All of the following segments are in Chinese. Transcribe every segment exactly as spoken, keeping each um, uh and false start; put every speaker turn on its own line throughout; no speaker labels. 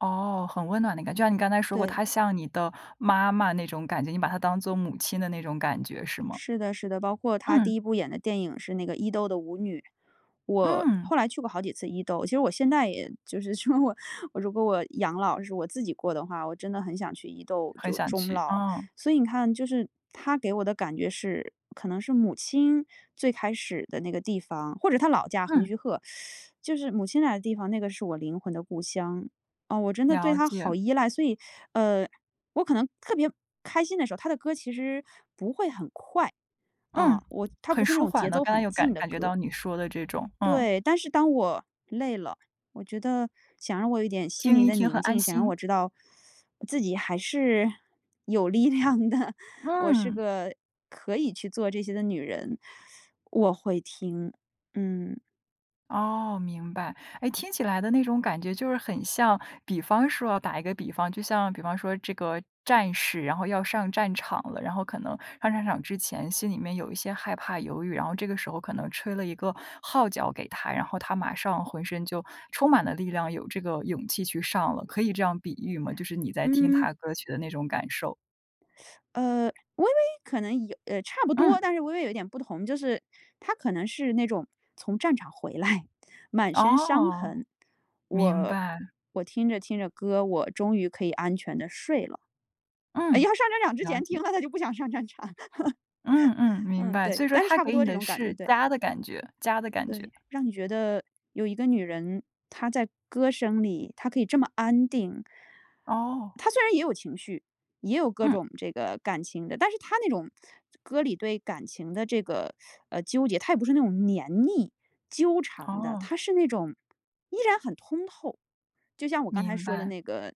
哦，很温暖的感觉。就像你刚才说过，
对。
她像你的妈妈那种感觉，你把她当做母亲的那种感觉是吗？
是的是的，包括她第
嗯。
一部演的电影是那个伊豆的舞女。我
嗯。
后来去过好几次伊豆，其实我现在也就是，如果我养老，是我自己过的话，我真的很想去伊豆
很
就
想
终
去，
老。
嗯。
所以你看，就是她给我的感觉是可能是母亲最开始的那个地方，或者她的老家横
嗯。
须贺。就是母亲来的地方，那个是我灵魂的故乡。哦，我真的对
了
她好
解。
依赖。所以，呃，我可能特别开心的时候，她的歌其实不会很快。
嗯，
嗯，我它不
很
是那
舒
种节
缓的，
奏
刚才
很
有
劲
感
的
感觉
歌。
到你说的这种，嗯。
对，但是当我累了，我觉得想让我有一点心
听
灵
一
的
听
宁
很安
静，想让
心。
我知道，自己还是有力量的，我是
嗯。
个可以去做这些的女人，我会听。嗯。
哦，明白。哎，听起来的那种感觉就是很像比方说哦，打一个比方，就像比方说这个战士然后要上战场了，然后可能上战场之前心里面有一些害怕、犹豫，然后这个时候可能吹了一个号角给他，然后他马上浑身就充满了力量，有这个勇气去上了，可以这样比喻吗？就是你在听
嗯。
她的歌曲的那种感受。
呃，微微可能有呃，差不多，
嗯。
但是微微有点不同，就是，它可能是那种从战场回来，满身伤
哦，
痕，
明
我
白。
我听着听着歌，我终于可以安全地睡了。要
嗯，
上战场之
了
前听
解。
了它就不想上战场。
嗯嗯，明
嗯，
白。
对。
所以说
但是
她
差不
给
多
你
这
的
种感觉，
是
对。
家的感觉家的感觉。
对，让你觉得有一个女人，她在歌声里，她可以这么安定。
哦。
她虽然也有情绪，也有各
嗯。
种这个感情的。但是她那种歌里对感情的这个，呃，纠结她也不是那种粘腻、纠缠的，
哦。
她是那种依然很通透。就像我刚才
明
说的
白。
那个，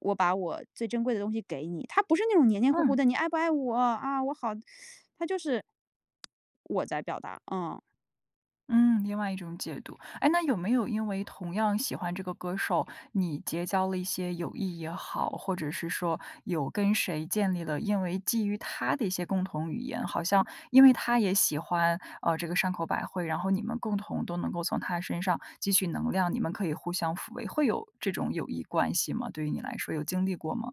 我把我最珍贵的东西给你，它不是那种黏黏糊糊
嗯。
的，你爱不爱我，啊，我好 它就是，我在表达，嗯。
嗯，另外一种解读。哎，那有没有因为同样喜欢这个歌手，你结交了一些友谊也好，或者是说有跟谁建立了，因为基于她的一些共同语言，好像因为她也喜欢，呃，这个山口百惠，然后你们共同都能够从她身上汲取能量，你们可以互相抚慰，会有这种友谊关系吗？对于你来说有经历过吗？